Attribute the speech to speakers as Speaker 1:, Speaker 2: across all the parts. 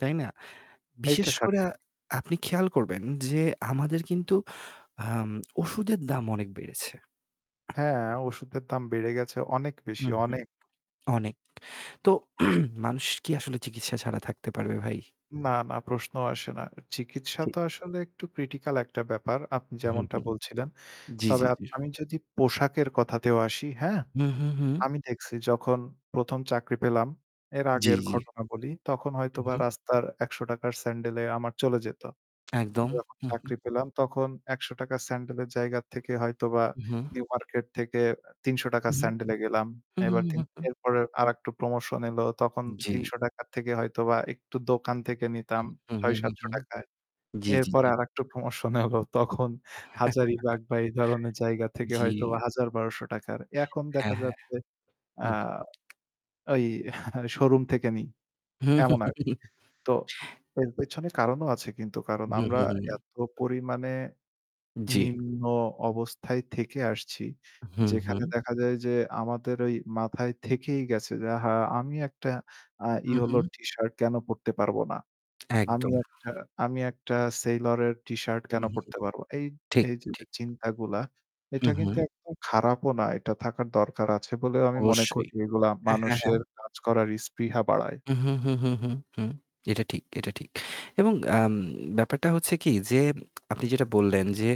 Speaker 1: তাই না? বিশেষ
Speaker 2: এইটা
Speaker 1: করে
Speaker 2: সঠিক।
Speaker 1: আপনি খেয়াল করবেন যে আমাদের কিন্তু আম ওষুধের দাম অনেক বেড়েছে।
Speaker 2: হ্যাঁ, ওষুধের দাম বেড়ে গেছে অনেক বেশি,
Speaker 1: হুম, হুম।
Speaker 2: অনেক।
Speaker 1: অনেক। তো মানুষ কি আসলে চিকিৎসা ছাড়া থাকতে পারবে ভাই?
Speaker 2: না, না প্রশ্নও আসে না। চিকিৎসা
Speaker 1: ঠিক।
Speaker 2: তো আসলে একটু ক্রিটিক্যাল একটা ব্যাপার। আপনি
Speaker 1: হু,
Speaker 2: যেমনটা
Speaker 1: হু।
Speaker 2: বলছিলেন।
Speaker 1: জি, জি,
Speaker 2: তবে
Speaker 1: জি।
Speaker 2: আমি যদি পোশাকের কথাতেও আসি হ্যাঁ,
Speaker 1: হু, হু, হু।
Speaker 2: আমি দেখছি যখন ১ম চাকরি পেলাম এর
Speaker 1: জি,
Speaker 2: আগের
Speaker 1: জি।
Speaker 2: ঘটনা বলি। তখন হয়তো
Speaker 1: হুম,
Speaker 2: বা
Speaker 1: হুম।
Speaker 2: রাস্তার ৳১০০ 'র স্যান্ডেলে আমার চলে যেত।
Speaker 1: একদম,
Speaker 2: যখন
Speaker 1: হু, হু।
Speaker 2: চাকরি পেলাম তখন ৳১০০ 'র স্যান্ডেলের জায়গা থেকে হয়তোবা
Speaker 1: হু।
Speaker 2: নিউ মার্কেট থেকে তিনশ
Speaker 1: হু,
Speaker 2: টাকা'র
Speaker 1: হু,
Speaker 2: স্যান্ডেলে গেলাম।
Speaker 1: হু,
Speaker 2: এবার তিন
Speaker 1: হু, হু।
Speaker 2: এরপরে আরেকটু প্রমোশন এলো। তখন
Speaker 1: জি।
Speaker 2: ৳৩০০ থেকে হয়তোবা একটু দোকান থেকে নিতাম
Speaker 1: হু, হু, হু,
Speaker 2: ছয়-সাতশ
Speaker 1: হু,
Speaker 2: টাকা 'র।
Speaker 1: জি, জি,
Speaker 2: এরপর
Speaker 1: জি।
Speaker 2: আরেকটু প্রমোশন হলো। তখন হাজারীবাগ বা এই ধরনের জায়গা থেকে
Speaker 1: জি।
Speaker 2: হয়তোবা ৳১০০০-১,২০০ 'র। এখন
Speaker 1: হ্যাঁ,
Speaker 2: দেখা
Speaker 1: হ্যাঁ।
Speaker 2: যাচ্ছে
Speaker 1: হু,
Speaker 2: আ
Speaker 1: হু।
Speaker 2: এই শোরুম থেকে নিই। এমন আরকি। তো এর পেছনে কারণও আছে কিন্তু কারণ
Speaker 1: হু,
Speaker 2: আমরা
Speaker 1: হু, হু, হু।
Speaker 2: এত পরিমাণে
Speaker 1: জি।
Speaker 2: নিম্ন অবস্থায় থেকে আসছি।
Speaker 1: হুম,
Speaker 2: যেখানে
Speaker 1: হুম।
Speaker 2: দেখা যায় যে আমাদের ঐ মাথায় থেকেই গেছে যে আ হা আমি আ একটা
Speaker 1: হু,
Speaker 2: Yellow
Speaker 1: হু।
Speaker 2: টি-শার্ট কেন পড়তে পারব না। আমি
Speaker 1: একদম।
Speaker 2: একটা আমি একটা Sailor এর টি-শার্ট
Speaker 1: হু,
Speaker 2: কেন
Speaker 1: হু,
Speaker 2: পড়তে পারবো না? এই
Speaker 1: ঠিক,
Speaker 2: এই যে
Speaker 1: ঠিক।
Speaker 2: চিন্তাগুলা
Speaker 1: হু,
Speaker 2: এটা কিন্তু
Speaker 1: হু।
Speaker 2: একদম খারাপও না এটা থাকার দরকার আছে বলেও আমি মনে
Speaker 1: অবশ্যই,
Speaker 2: করি। এগুলা
Speaker 1: হ্যাঁ, হ্যাঁ, হ্যাঁ।
Speaker 2: মানুষের কাজ করার ইস্পৃহা বাড়ায়।
Speaker 1: হু, হু, হু, হু, হু, এটা ঠিক, এটা ঠিক। এবং আম ব্যাপারটা হচ্ছে কি যে আপনি যেটা বললেন যে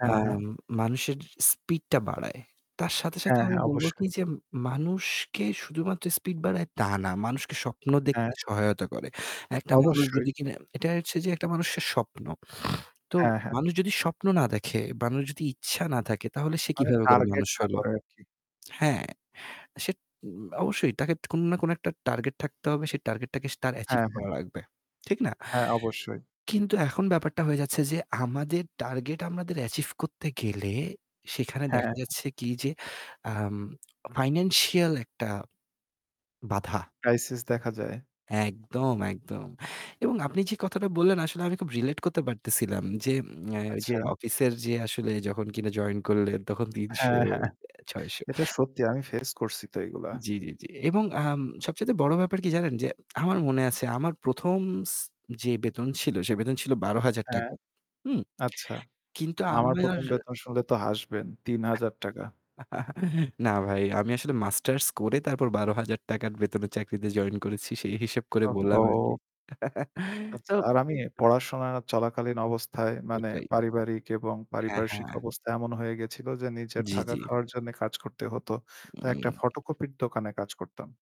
Speaker 2: হ্যাঁ ,হ্যাঁ।
Speaker 1: আম মানুষের স্পিড টা বাড়ায়। তার সাথে, সাথে
Speaker 2: হ্যাঁ,
Speaker 1: আমি
Speaker 2: হ্যাঁ
Speaker 1: বলব কি
Speaker 2: অবশ্যই।
Speaker 1: যে মানুষকে শুধুমাত্র স্পিড বাড়ায় তা না। মানুষকে স্বপ্ন দেখতে
Speaker 2: হ্যাঁ।
Speaker 1: সহায়তা করে। একটা মানুষ
Speaker 2: অবশ্যই।
Speaker 1: যদি কিনা এটা হচ্ছে যে একটা মানুষের স্বপ্ন। তো
Speaker 2: হ্যাঁ, হ্যাঁ।
Speaker 1: মানুষ যদি স্বপ্ন না দেখে, মানুষের যদি ইচ্ছা না থাকে তাহলে সে
Speaker 2: মানে
Speaker 1: কিভাবে করে
Speaker 2: টার্গেট
Speaker 1: মানুষ
Speaker 2: না
Speaker 1: হইল?
Speaker 2: করে আর কি।
Speaker 1: হ্যাঁ, সে উম অবশ্যই তাকে কোন না কোন একটা টার্গেট থাকতে হবে। সেই টার্গেটটাকে স তার অ্যাচিভ
Speaker 2: হ্যাঁ, হ্যাঁ।
Speaker 1: করা লাগবে। ঠিক না?
Speaker 2: হ্যাঁ, অবশ্যই।
Speaker 1: কিন্তু এখন ব্যাপারটা হয়ে যাচ্ছে যে আমাদের টার্গেট আমাদের অ্যাচিভ করতে গেলে সেখানে
Speaker 2: হ্যাঁ।
Speaker 1: দেখা যাচ্ছে কি যে আম ফাইন্যান্সিয়াল একটা বাধা
Speaker 2: ক্রাইসিস দেখা যায়।
Speaker 1: একদম, একদম। এবং আপনি যে কথাটা বললেন আসলে আমি খুব রিলেট করতে পারতেছিলাম যে আম ওইযে
Speaker 2: আচ্ছা।
Speaker 1: অফিসের যে আসলে যখন কিনে জয়েন করলেন তখন ৩০০,
Speaker 2: হ্যাঁ, হ্যাঁ।
Speaker 1: ৬০০
Speaker 2: এটা সত্যি আমি ফেস করছি তো এগুলা।
Speaker 1: জি, জি, জি, এবং আম সবচাইতে বড় ব্যাপার কি জানেন যে আমার মনে আছে আমার ১ম স যে বেতন ছিল সে বেতন ছিল বারো হাজার
Speaker 2: হ্যাঁ।
Speaker 1: টাকা হুম।
Speaker 2: আচ্ছা,
Speaker 1: কিন্তু
Speaker 2: আমার
Speaker 1: আমার
Speaker 2: ১ম বেতন শুনলে তো হাসবেন, ৳৩০০০।
Speaker 1: না ভাই আমি আসলে মাস্টার্স করে তারপর ৳১২,০০০ এর বেতনের চাকরিতে জয়েন করেছি। সেই হিসেব করে বললাম আরকি।
Speaker 2: ওহো!
Speaker 1: তো
Speaker 2: আচ্ছা আর আমি পড়াশোনা চলাকালীন অবস্থায় মানে
Speaker 1: ওইটাই।
Speaker 2: পারিবারিক এবং
Speaker 1: হ্যাঁ,
Speaker 2: পারিপার্শ্বিক
Speaker 1: হ্যাঁ।
Speaker 2: অবস্থা এমন হয়ে গেছিল যে নিজের
Speaker 1: জি,
Speaker 2: থাকা
Speaker 1: জি।
Speaker 2: খাওয়ার জন্য কাজ করতে হতো। তাই একটা ফটোকপির দোকানে কাজ করতাম।